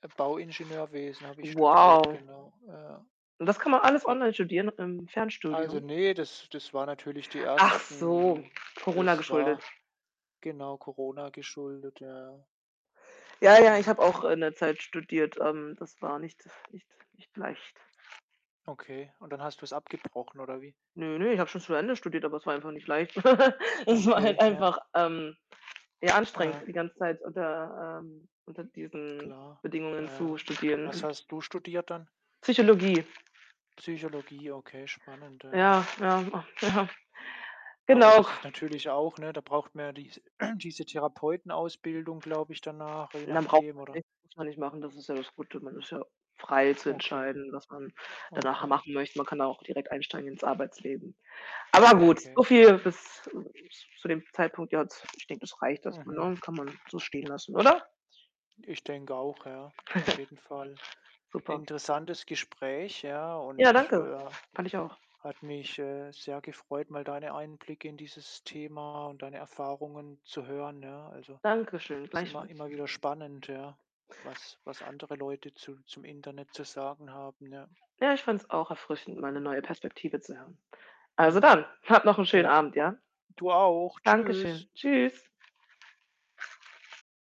Äh, Bauingenieurwesen habe ich studiert, Wow. genau, ja. Und das kann man alles Al online studieren mit 'nem also, Fernstudium? ne, das das war natürlich die Ach so, ersten Corona das geschuldet. war genau, Corona geschuldet. Ja, ja. Ja, ja, ich Genau, habe auch ne? in der Zeit studiert. Ähm, das war nicht nicht nicht leicht. Okay. Und dann hast du's abgebrochen oder wie? Ne, ne, ich habe schon zu Ende studiert, aber es war einfach nicht leicht. Es war halt Okay, ja. einfach, ähm, ja, anstrengend Aha. die ganze Zeit unter ähm, unter diesen Klar, Bedingungen zu ja. Was studieren. hast du studiert dann? Psychologie. Psychologie, okay, spannend. Ja. Ja, ja. Oh ja. Aber Genau. das ist natürlich auch, ne, da braucht man ja dies diese Therapeutenausbildung, glaube ich, danach, je Und dann braucht nachdem, man oder nicht muss man nicht machen. Das ist ja das Gute. Man ist ja frei zu Okay. entscheiden, was man danach Okay. machen möchte. Man kann da auch direkt einsteigen ins Arbeitsleben. Aber gut, Okay. so viel bis z zu dem Zeitpunkt jetzt. Ich denke, das reicht erstmal, Mhm. ne, kann man so stehen lassen, oder? Ich denke auch, ja, auf jeden Fall. Super. Interessantes Gespräch, ja, Ja, und, danke. ja, Fand ich auch. hat mich, äh, sehr gefreut, mal deine Einblicke in dieses Thema und deine Erfahrungen zu hören, ja. Also, Danke schön, ist immer gleichfalls. immer wieder spannend, ja, was was andere Leute zu zum Internet zu sagen haben, ja. Ja, ich fand's auch erfrischend, mal 'ne neue Perspektive zu hören. Also, Mhm. dann, hab noch 'n schönen Ja. Abend, ja? Du auch. Danke Tschüss. schön. Tschüss.